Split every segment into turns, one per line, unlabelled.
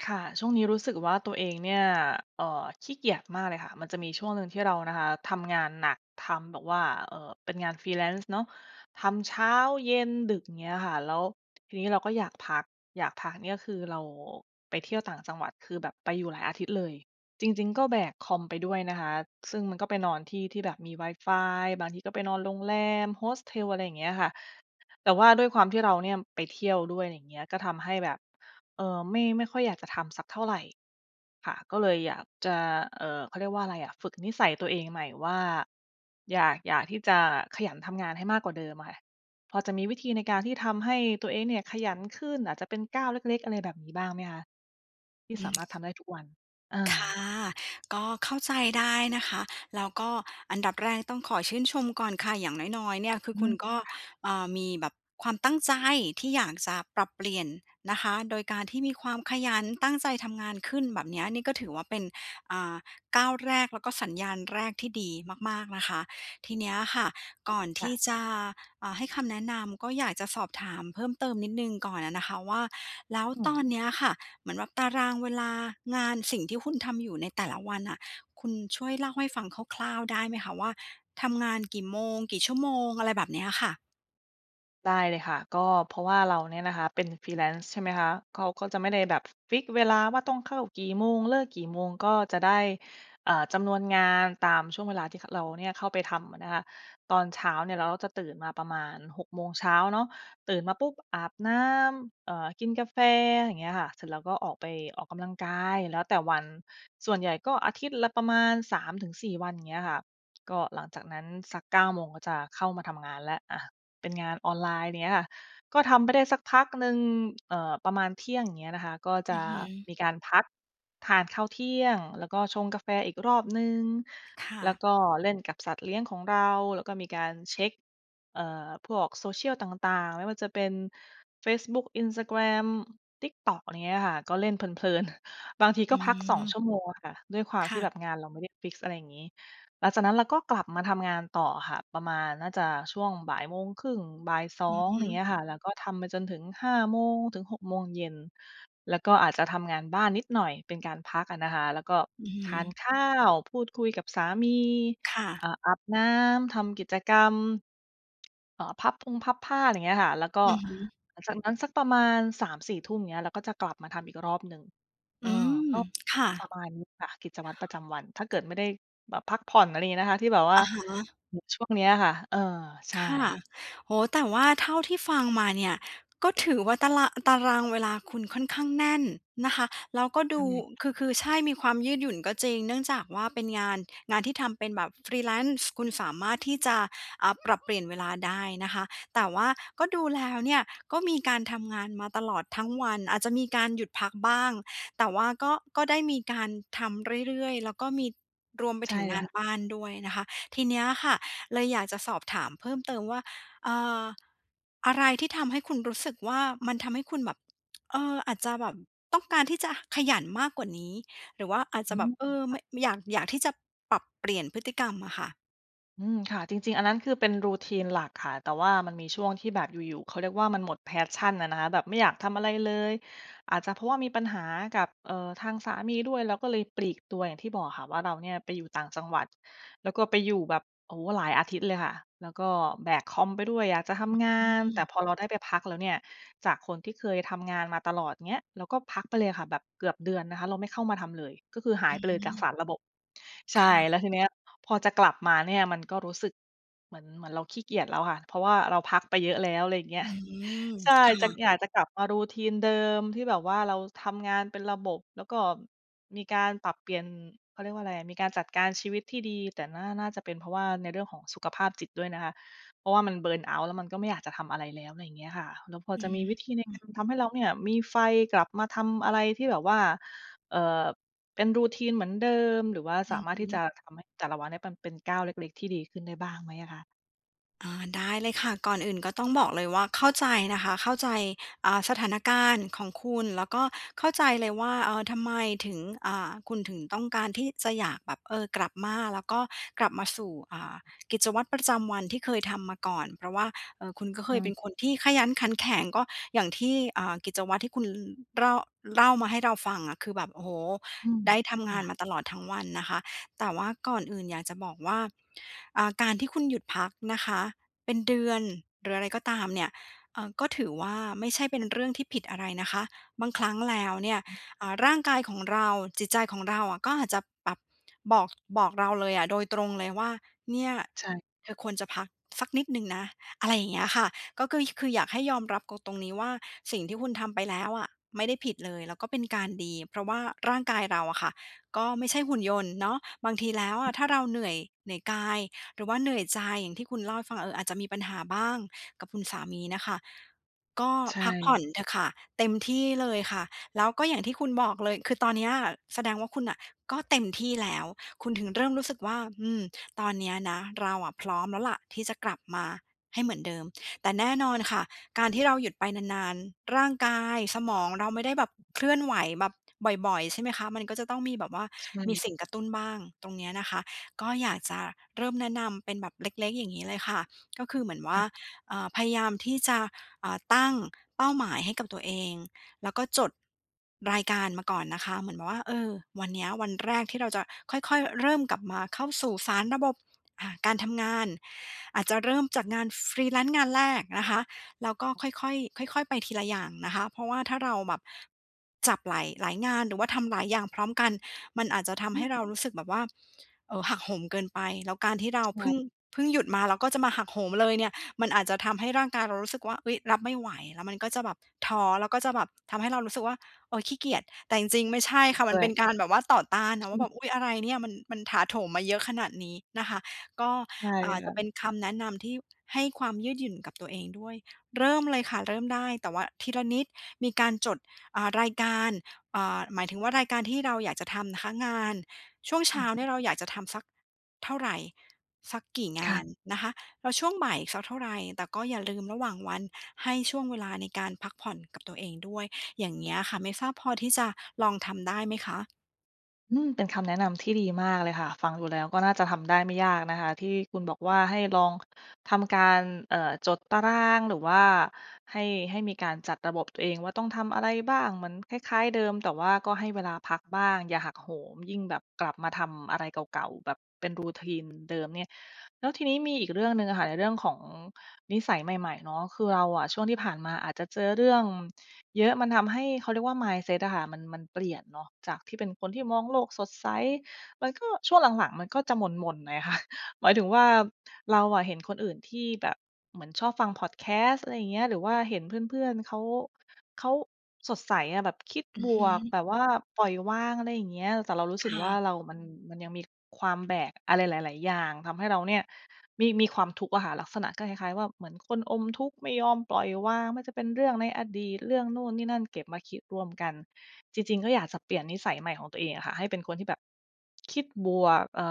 ค่ะ ช่วงนี้รู้สึกว่าตัวเองเนี่ย เอ่อ ขี้เกียจมากเลยค่ะ มันจะมีช่วงหนึ่งที่เรานะคะทำงานหนัก ทำแบบว่า เอ่อ เป็นงาน Freelance เนาะ ทำเช้า เย็น ดึก อย่างเงี้ยค่ะ แล้วทีนี้เราก็อยากพัก อยากพักเนี่ยคือเราไปเที่ยวต่างจังหวัด คือแบบไปอยู่หลายอาทิตย์เลย จริง ๆ ก็แบกคอมไปด้วยนะคะ ซึ่งมันก็ไปนอนที่ที่แบบมีไวฟาย บางทีก็ไปนอนโรงแรม Hostel อะไรอย่างเงี้ยค่ะ แต่ว่าด้วยความที่เราเนี่ยไปเที่ยวด้วย อะไรอย่างเงี้ย ก็ทำให้แบบ เอ่อ ไม่ ไม่ค่อยอยากจะทำสักเท่าไร ค่ะ ก็เลยอยากจะ เอ่อ เขาเรียกว่าอะไรอะ ฝึกนิสัยตัวเองใหม่ว่า อยาก อยากที่จะขยันทำงานให้มากกว่าเดิมอะค่ะ พอจะมีวิธีในการที่ทำให้ตัวเองเนี่ยขยันขึ้น อาจจะเป็นก้าวเล็ก ๆ อะไรแบบนี้บ้างไหมคะ ที่
อื
สามา
ม
รถทำได้ทุกวัน? อ
ค่ะ
า
ก็เข้าใจได้นะคะ แล้วก็อันดับแรกต้องขอชื่นชมก่อนค่ะ อย่างน้อย ๆ เนี่ยคื
อ
อ
ื
คุ
ม
ณก็
ค่ะ
อ่า มีแบบความตั้งใจที่อยากจะปรับเปลี่ยนนะคะ โดยการที่มีความขยันตั้งใจทำงานขึ้นแบบเนี้ย นี่ก็ถือว่าเป็น อ่า ก้าวแรกแล้วก็สัญญาณแรกที่ดีมาก ๆ นะคะ ทีเนี้ยค่ะ ก่อน
ค
ท
่
ี่
ะ
จะ อ่า ให้คำแนะนำ ก็อยากจะสอบถามเพิ่มเติมนิดหนึ่งก่อนอะนะคะว่า แล้ว
อื
ต
ม
อนเนี้ยค่ะ เหมือนแบบตารางเวลางาน สิ่งที่คุณทำอยู่ในแต่ละวันน่ะ คุณช่วยเล่าให้ฟังคร่าว ๆ ได้ไหมคะว่า ทำงานกี่โมง กี่ชั่วโมง อะไรแบบเนี้ยค่ะ?
ได้เลยค่ะ ก็เพราะว่าเราเนี่ยนะคะเป็น Freelance ใช่ไหมคะ เขาก็จะไม่ได้แบบ ฟิกซ์เวลาว่า ต้องเข้ากี่โมง เลิกกี่โมง ก็จะได้ อ่า จำนวนงานตามช่วงเวลาที่ ข เราเนี่ยเข้าไปทำอะนะคะ ตอนเช้าเนี่ยเราก็จะตื่นมาประมาณ 6 โมงเช้าเนาะ ตื่นมาปุ๊บ อาบน้ำ เอ่อ กินกาแฟ อย่างเงี้ยค่ะ เสร็จแล้วก็ออกไปออกกำลังกาย แล้วแต่วัน ส่วนใหญ่ก็อาทิตย์ละประมาณ 3-4 วัน อย่างเงี้ยค่ะ ก็หลังจากนั้นสัก 9 โมงก็จะเข้ามาทำงานแล้ว อะ เป็นงานออนไลน์ เงี้ยค่ะ ก็ทำไปได้สักพักหนึ่ง เอ่อ ประมาณเที่ยง อย่างเงี้ยนะคะ ก็จ
อ
ะ
ือฮึ
มีการพักทานข้าวเที่ยงแล้วก็ชงกาแฟอีกรอบหนึ่ง
ค่
แล้
ะ
วก็เล่นกับสัตว์เลี้ยงของเรา แล้วก็มีการเช็ก เอ่อ พวกโซเชียลต่าง ๆ ไม่ว่าจะเป็น เฟซบุ๊ก Instagram TikTok อะไรเงี้ยค่ะ ก็เล่นเพลิน ๆ บางที
อ
ก
ื
็พัก 2 ช
ม
ั่วโมงอะค่ะ ด้วยความ
ค
ที่
่ะ
แบบงานเราไม่ได้ฟิกซ์ อะไรอย่างงี้ หลังจากนั้นเราก็กลับมาทำงานต่ออะค่ะ ประมาณน่าจะช่วงบ่ายโมงครึ่ง บ่าย สอ
อือ
ง
ฮ
อย่า
ึ
งเงี้ยค่ะ แล้วก็ทำไปจนถึง 5 โมงถึง 6 โมงเย็น แล้วก็อาจจะทำงานบ้านนิดหน่อยเป็นการพักอะนะคะ แล้วก็
อือฮ
ทาน
ึ
ข้าว พูดคุยกับสามี
ค่
อ
ะ
่า อาบน้ำ ทำกิจกรรม เอ่อ พับพุงพับผ้า ไร เงี้ยค่ะ แล้วก็
อือฮึ
หลังจากนั้นสักประมาณ 3-4 ทุ่ม เงี้ย เราก็จะกลับมาทำอีกรอบหนึ่ง เอ
อื
อ
ม
ก็
ค่
ป
ะ
ระมาณนี้ค่ะกิจวัตรประจำวัน ถ้าเกิดไม่ได้แบบพักผ่อน อะไรงี้นะคะ ที่แบบว่
อ
า
ะฮะ
อือ ช่วงเนี้ยค่ะ เออ ใช
ค่ะ
่
โอ้โฮ แต่ว่าเท่าที่ฟังมาเนี่ย ก็ถือว่าตาร่ะ ตารางเวลาคุณค่อนข้างแน่นนะคะ แล้วก็
ใ
ด
ช
ู
่
คือ คือใช่ มีความยืดหยุ่นก็จริง เนื่องจากว่าเป็นงาน งานที่ทำเป็นแบบ Freelance คุณสามารถที่จะ อ่า ปรับ เปลี่ยนเวลาได้นะคะ แต่ว่าก็ดูแล้วเนี่ย ก็มีการทำงานมาตลอดทั้งวัน อาจจะมีการหยุดพักบ้าง แต่ว่าก็ ก็ได้มีการทำเรื่อย ๆ แล้วก็มี รวมไป
ใช
ถ
่
ึง
เล
ง
ย
า
ค
น
่ะ
บ้านด้วยนะคะ ทีเนี้ยค่ะเลยอยากจะสอบถามเพิ่มเติมว่า เอ่อ อะไรที่ทำให้คุณรู้สึกว่า มันทำให้คุณแบบ เออ อาจจะแบบ ต้องการที่จะขยันมากกว่านี้ หรือว่าอาจ
อ
จ
ื
ะแบ
ม
บ เออ
ค
เ
่
ม
ะ
ะ ม อยาก อยากที่จะปรับเปลี่ยนพฤติกรรมอะค่ะ
อืม ค่ะ จริง ๆ อันนั้นคือเป็น routine หลักค่ะ แต่ว่ามันมีช่วงที่แบบอยู่ ๆ เขาเรียกว่า มันหมด passion อะนะคะ แบบไม่อยากทำอะไรเลย อาจจะเพราะว่ามีปัญหากับ เอ่อ ทางสามีด้วย เราก็เลยปลีกตัว อย่างที่บอกอะค่ะว่า เราเนี่ยไปอยู่ต่างจังหวัด แล้วก็ไปอยู่แบบ โอ้โฮ หลายอาทิตย์เลยค่ะ แล้วก็แบกคอมไปด้วย อยากจะท
อึ
ำงา
อื
น แต่
ม
พอเราได้ไปพักแล้วเนี่ย จากคนที่เคยทำงานมาตลอด เงี้ย เราก็พักไปเลยค่ะ แบบเกือบเดือนนะคะ เราไม่เข้ามาทำเลย ก็คือหา
อ
ย
ื้
ไป
อ
เ
ฮ
ล
ื
ยจาก
อ
สารบบ ใช่
ค่
แล
ะ
้วทีเนี้ย พอจะกลับมาเนี่ยมันก็รู้สึกเหมือน เหมือนเราขี้เกียจแล้วค่ะ เพราะว่าเราพักไปเยอะแล้ว อะไรอย่างเงี้
อ
ย
ืม
ใช่
ค่
จะ
ะ
อยากจะกลับมา routine เดิม ที่แบบว่า เราทำงานเป็นระบบ แล้วก็มีการปรับเปลี่ยน เขาเรียกว่าอะไรอะ มีการจัดการชีวิตที่ดี แต่น่า น่าจะเป็นเพราะว่า ในเรื่องของสุขภาพจิตด้วยนะคะ เพราะว่ามัน เบิร์นเอาต์ แล้วมันก็ไม่อยากจะทำอะไรแล้ว อะไรอย่างเงี้ยค่ะ แล้วพอ
อื
จะ
อ
มีวิธีใน
อื
ก
ม
ารทำให้เราเนี่ยมีไฟ กลับมาทำอะไรที่แบบว่า เอ่อ เป็น routine เหมือนเดิม หรือว่า
อ
ส
ื
า
อ
มาร
ฮ
ถที่
ึ
จะทำให้แต่ละวันเนี่ย มันเป็นก้าวเล็ก ๆ ที่ดีขึ้นได้บ้างไหมอะคะ?
อ่า ได้เลยค่ะ ก่อนอื่นก็ต้องบอกเลยว่า เข้าใจนะคะ เข้าใจ อ่า สถานการณ์ของคุณ แล้วก็เข้าใจเลยว่า เอ่อ ทำไมถึง อ่า คุณถึงต้องการที่จะอยากแบบ เออ กลับมาแล้วก็กลับมาสู่ อ่า กิจวัตรประจำวันที่เคยทำมาก่อน เพราะว่า เอ่อ คุณก็เค
ค่
ยเป็
ะ
นคนที่ขยันขันแข็ง ก็อย่างที่ เอ่อ กิจวัตรที่คุณ ร เล่ามาให้เราฟังอะ คือแบบ โอ้โฮ
อืม
ได้ทำ
ค
ง
่
า
ะ
นมาตลอดทั้งวันนะคะ แต่ว่าก่อนอื่นอยากจะบอกว่า อ่า การที่คุณหยุดพักนะคะ เป็นเดือน หรืออะไรก็ตามเนี่ย เออ ก็ถือว่าไม่ใช่เป็นเรื่องที่ผิดอะไรนะคะ บางครั้งแล้วเนี่ย
อือ
อ่า ร่างกายของเรา จิตใจของเราอะก็อาจจะปรับ บอก บอกเราเลยอะ โดยตรงเลยว่า เนี่ย
ใช่
เธอควรจะพักสักนิดหนึ่งนะ อะไรอย่างเงี้ยค่ะ ก็คือ คืออยากให้ยอมรับกง ตรงนี้ว่า สิ่งที่คุณทำไปแล้วอะไม่ได้ผิดเลย แล้วก็เป็นการดี เพราะว่าร่างกายเราอะค่ะ ก็ไม่ใช่หุ่นยนต์เนาะ บางทีแล้วอ
อ
ะถ้าเราเหนื่อย เหนื่อยกาย หรือว่าเหนื่อยใจอย่างที่คุณเล่าให้ฟัง เอ่อ อาจจะมีปัญหาบ้างกับคุณสามีน่ะค่ะ ก็
ใช่
พักผ่
ค
อ
่
น
ะ
เถอะค่ะ เต็มที่เลยค่ะ แล้วก็อย่างที่คุณบอกเลย คือตอนเนี้ยแสดงว่าคุณน่ะ ก็เต็มที่แล้ว คุณถึงเริ่มรู้สึกว่า อืม ตอนเนี้ยนะเราอะพร้อมแล้วล่ะที่จะกลับมาให้เหมือนเดิม แต่แน่นอนค่ะ การที่เราหยุดไปนาน ๆ ร่างกาย สมองเราไม่ได้แบบเคลื่อนไหวแบบบ่อย ๆ ใช่ไหมคะ มันก็จะต้องมีแบบว่า
ใช
มี
่
สิ่งกระตุ้นบ้าง ตรงเนี้ยนะคะ ก็อยากจะเริ่มแนะนำเป็นแบบเล็ก ๆ อย่างงี้เลยค่ะ ก็คือเหมือนว่
ค
า
่ะ
เอ่อ พยายามที่จะ เอ่อ ตั้งเป้าหมายให้กับตัวเอง แล้วก็จดรายการมาก่อนนะคะ เหมือนว่า เออ วันเนี้ย วันแรกที่เราจะค่อย ๆ เริ่มกลับมาเข้าสู่สารบบ อ่า การทำงาน อาจจะเริ่มจากงานฟรีแลนซ์งานแรกนะคะ แล้วก็ค่อย ๆ ค่อย ๆ ไปทีละอย่างนะคะ เพราะว่าถ้าเราแบบจับหลาย หลายงาน หรือว่าทำหลายอย่างพร้อมกัน มันอาจจะทำ
อ
ให
ือ
้เรารู้สึกแบบว่า เอ่อ หักโหมเกินไป แล้วการที่เรา
ใช
พึ
่
่ง พึ่งหยุดมา แล้วก็จะมาหักโหมเลยเนี่ย มันอาจจะทำให้ร่างกายเรารู้สึกว่า เอ๊ย รับไม่ไหว แล้วมันก็จะแบบท้อ แล้วก็จะแบบทำให้เรารู้สึกว่า เออ ขี้เกียจ แต่จริง ๆ ไม่ใช่
จริ
ค
ง
่ะ
ด
มั
้
น
ว
เป็
ย
นการแบบว่าต่อต้านนะว
อ
่
ื
า แ
อ
บบ อุ๊ย อะไรเนี่ยมัน มันถาโถมมาเยอะขนาดนี้นะคะ ก็
ใช่
เอ่อ
ค
จ
่
ะเป
ะ
็นคำแนะนำที่ให้ความยืดหยุ่นกับตัวเองด้วย เริ่มเลยค่ะเริ่มได้ แต่ว่าทีละนิด มีการจด อ่า รายการ อ่า หมายถึงว่า รายการที่เราอยากจะทำนะคะ งานช่วงเ
อ
ช
ื
้า
ม
เนี่ยเราอยากจะทำสักเท่าใร สักกี่ง
ค่
า
ะ
นนะคะ แล้วช่วงบ่ายสักเท่าไร แต่ก็อย่าลืมระหว่างวัน ให้ช่วงเวลาในการพักผ่อนกับตัวเองด้วย อย่างเงี้ยอะค่ะ ไม่ทราบพอที่จะลองทำได้ไหมคะ?
อืม เป็นคำแนะนำที่ดีมากเลยค่ะ ฟังดูแล้วก็น่าจะทำได้ไม่ยากนะคะ ที่คุณบอกว่า ให้ลองทำการ เอ่อ จดตาราง หรือว่าให้ ให้มีการจัดระบบตัวเองว่า ต้องทำอะไรบ้าง? เหมือนคล้าย ๆ เดิม แต่ว่าก็ให้เวลาพักบ้าง อย่าหักโหม ยิ่งแบบกลับมาทำอะไรเก่า ๆ แบบเป็น Routine เหมือนเดิมเนี่ย แล้วทีนี้มีอีกเรื่องหนึ่งอะค่ะในเรื่องของนิสัยใหม่ ๆ เนาะ คือเราอะช่วงที่ผ่านมาอาจจะเจอเรื่องเยอะ มันทำให้ เขาเรียกว่า Mindset อะค่ะมัน มันเปลี่ยนเนาะ จากที่เป็นคนที่มองโลกสดใส มันก็ ช่วงหลัง ๆ มันก็จะหม่น ๆ หน่อย ค่ะ หมายถึงว่า เราอะเห็นคนอื่นที่แบบเหมือนชอบฟัง Podcast อะไรอย่างเงี้ย หรือว่าเห็นเพื่อน ๆ เขา เขาสดใสอะ แบบคิด
อื
บ
อฮ
วก
ึ
แบบว่าปล่อยวาง อะไรอย่างเงี้ย แต่เรารู้
ค
สึก
่
ว่า
ะ
เรามัน มันยังมีความแบกอะไรหลาย ๆ อย่าง ทำให้เราเนี่ยมี มีความทุกข์อะค่ะ ลักษณะก็คล้าย ๆ ว่า เหมือนคนอมทุกข์ไม่ยอมปล่อยวาง ไม่ว่าจะเป็นเรื่องในอดีต เรื่องนู่นนี่นั่นเก็บมาคิดรวมกัน จริง ๆ ก็อยากจะเปลี่ยนนิสัยใหม่ของตัวเองอะค่ะ ให้เป็นคนที่แบบ คิดบวก เอ่อ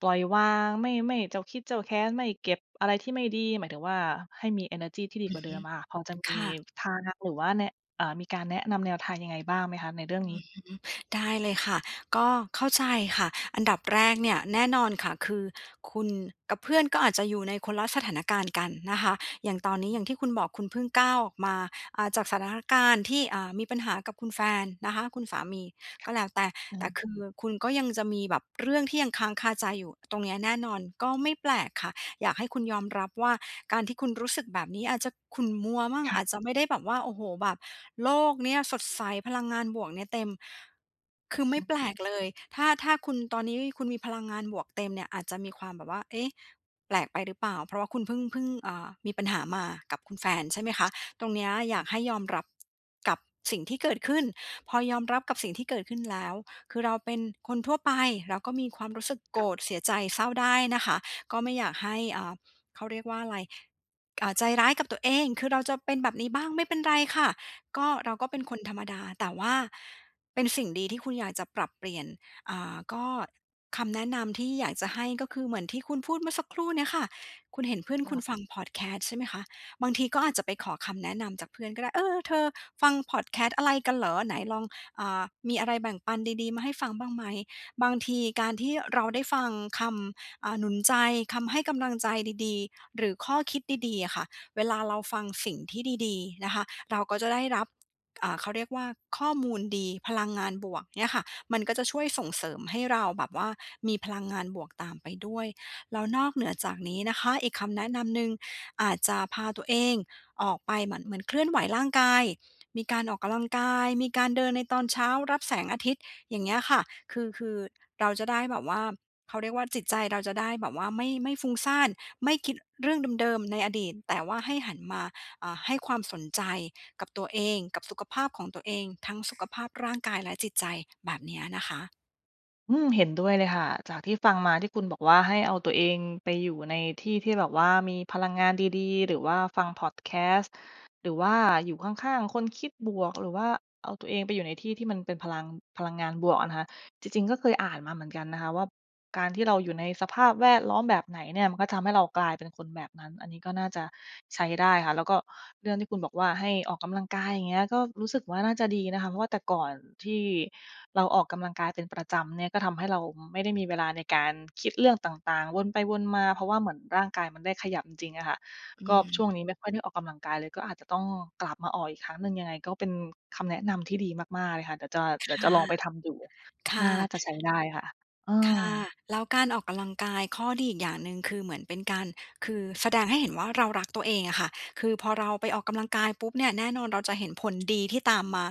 ปล่อยวาง ไม่ ไม่เจ้าคิดเจ้าแค้น ไม่เก็บอะไรที่ไม่ดี หมายถึงว่า ให้มีเอเนอร์จีที่ดี
อื
กว
อ
่า
ฮ
เดิมอะค่ะ พอ
ึ
จะม
ค
ี
่ะ
ทางหรือว่าแนะ เอ่อ มีการแนะนำแนวทางยังไงบ้างไหมคะ? ในเรื่อ
อ
ง
ือ
นี้
ฮึ ได้เลยค่ะ ก็เข้าใจค่ะ อันดับแรกเนี่ยแน่นอนค่ะ คือคุณกับเพื่อนก็อาจจะอยู่ในคนละสถานการณ์กันนะคะ อย่างตอนนี้ อย่างที่คุณบอก คุณเพิ่งก้าวออกมา อ่า จากสถานการณ์ที่ อ่า มีปัญหากับคุณแฟนนะคะ คุณสามี ก็แล้วแต่
อื
แต่
ม
คือคุณก็ยังจะมีแบบเรื่องที่ยังค้างคาใจอยู่ตรงเนี้ยแน่นอน ก็ไม่แปลกค่ะ อยากให้คุณยอมรับว่า การที่คุณรู้สึกแบบนี้อาจจะขุ่นมัวมั่ง
ค่
อ
ะ
าจจะไม่ได้แบบว่า โอ้โฮ แบบโลกเนี้ยสดใสพลังงานบวกเนี้ยเต็ม คือไม่แปลกเลย ถ้า ถ้าคุณตอนนี้คุณมีพลังงานบวกเต็มเนี่ยอาจจะมีความแบบว่า เอ๊ะ! แปลกไปหรือเปล่า? เพราะว่าคุณพึ่ง พึ่ง เอ่อ มีปัญหามากับคุณแฟนใช่ไหมคะ ตรงเนี้ยอยากให้ยอมรับกับสิ่งที่เกิดขึ้น พอยอมรับกับสิ่งที่เกิดขึ้นแล้ว คือเราเป็นคนทั่วไป เราก็มีความรู้สึกโก
ค่
ร
ะ
ธ เสียใจ เศร้าได้นะคะ ก็ไม่อยากให้ อ่า เขาเรียกว่าอะไร อ่า ใจร้ายกับตัวเอง คือเราจะเป็นแบบนี้บ้าง ไม่เป็นไรค่ะ ก็ เราก็เป็นคนธรรมดา แต่ว่าเป็นสิ่งดีที่คุณอยากจะปรับเปลี่ยน อ่า ก็ คำแนะนำที่อยากจะให้ก็คือเหมือนที่คุณพูดเมื่อสักครู่เนี้ยค่ะ คุณเห็นเพื่อน
ค
คุ
่
ณ
ะ
ฟัง Podcast ใช่ไหมคะ บางทีก็อาจจะไปขอคำแนะนำจากเพื่อนก็ได้ "เออ ๆ เธอ ฟัง Podcast อะไรกันเหรอ? ไหนลอง อ่า มีอะไรแบ่งปันดี ๆ มาให้ฟังบ้างไหม?" บางทีการที่เราได้ฟังคำ อ่า หนุนใจ คำให้กำลังใจดี ๆ หรือข้อคิดดี ๆ อะค่ะ เวลาเราฟังสิ่งที่ดี ๆ นะคะ เราก็จะได้รับ อ่า เขาเรียกว่า ข้อมูลดี พลังงานบวกเนี่ยค่ะ มันก็จะช่วยส่งเสริมให้เราแบบว่ามีพลังงานบวกตามไปด้วย แล้วนอกเหนือจากนี้นะคะ อีกคำแนะนำหนึ่ง อาจจะพาตัวเองออกไปเหมือน เหมือนเคลื่อนไหวร่างกาย มีการออกกำลังกาย มีการเดินในตอนเช้า รับแสงอาทิตย์ อย่างเงี้ยค่ะ คือ คือเราจะได้แบบว่า เขาเรียกว่า จิตใจเราจะได้แบบว่าไม่ ไม่ฟุ้งซ่าน ไม่คิดเรื่องเดิม ๆ ในอดีต แต่ว่าให้หันมา อ่า ให้ความสนใจกับตัวเอง กับสุขภาพของตัวเอง ทั้ง สุขภาพร่างกายและจิตใจ แบบเนี้ยนะคะ
อืม เห็นด้วยเลยค่ะ จากที่ฟังมาที่คุณบอกว่า ให้เอาตัวเองไปอยู่ในที่ที่แบบว่ามีพลังงานดี ๆ หรือว่าฟังพอดแคสต์ หรือว่า อยู่ข้าง ๆ คนคิดบวก หรือว่าเอาตัวเองไปอยู่ในที่ที่มันเป็นพลัง พลังงานบวกอะนะคะ จริง ๆ ก็เคยอ่านมาเหมือนกันนะคะว่า การที่เราอยู่ในสภาพแวดล้อมแบบไหนเนี่ย มันก็ทำให้เรากลายเป็นคนแบบนั้น อันนี้ก็น่าจะใช้ได้ค่ะ แล้วก็เรื่องที่คุณบอกว่า ให้ ออกกำลังกาย อย่างเงี้ย ก็รู้สึกว่า น่าจะดีนะคะ เพราะว่าแต่ก่อนที่เราออกกำลังกายเป็น ประจำเนี่ย ก็ทำให้เรา ม ไม่ได้มีเวลาในการคิดเรื่องต่าง ๆ วนไปวนมา
ค
เพร
่
าะ
ะ
ว่าเหมือนร่างกายมันได้ขยับจริง ๆ อะค่ะ
อื
ก็ช่
ม
วงนี้ไม่ค่อยได้ออกกำลังกายเลย ก็อาจจะต้องกลับมาออกอีกครั้งหนึ่ง ยังไงก็เป็นคำแนะนำที่ดีมาก ๆ เลยค่ะ เดี๋ยวจะ
ค
เดี๋ยว
่
จะ
ะ
ลองไปทำดู
ค
น
่
่า น่
ะ
าจะใช้ได้ค่ะ เอ
ค
อ
่ะ แล้วการออกกำลังกาย ข้อดีอีกอย่างหนึ่งคือ เหมือนเป็นการ คือแสดงให้เห็นว่าเรารักตัวเองอะค่ะ คือพอเราไปออกกำลังกายปุ๊บเนี่ย แน่นอนเราจะเห็นผลดีที่ตามมา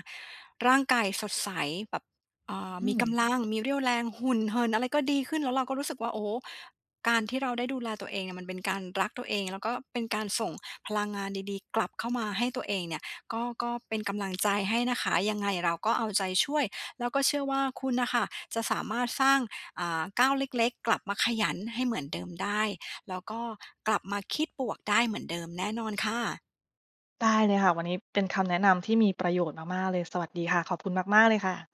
ร่างกายสดใสแบบ เอ่อ
อื
มี
ม
กำลัง มีเรี่ยวแรง หุ่นเหิ่นอะไรก็ดีขึ้น แล้วเราก็รู้สึกว่า โอ้โฮ! การที่เราได้ดูแลตัวเองเนี่ยมันเป็นการรักตัวเอง แล้วก็เป็นการส่งพลังงานดี ๆ กลับเข้ามาให้ตัวเองเนี่ย ก็ ก็เป็นกำลังใจให้นะคะ ยังไงเราก็เอาใจช่วย แล้วก็เชื่อว่าคุณน่ะค่ะจะสามารถสร้าง อ่า ก้าวเล็ก ๆ กลับมาขยันให้เหมือนเดิมได้ แล้วก็กลับมาคิดบวกได้เหมือนเดิมแน่นอนค่ะ
ได้เลยค่ะ วันนี้เป็นคำแนะนำที่มีประโยชน์มาก ๆ เลย สวัสดีค่ะ ขอบคุณมาก ๆ เลยค่ะ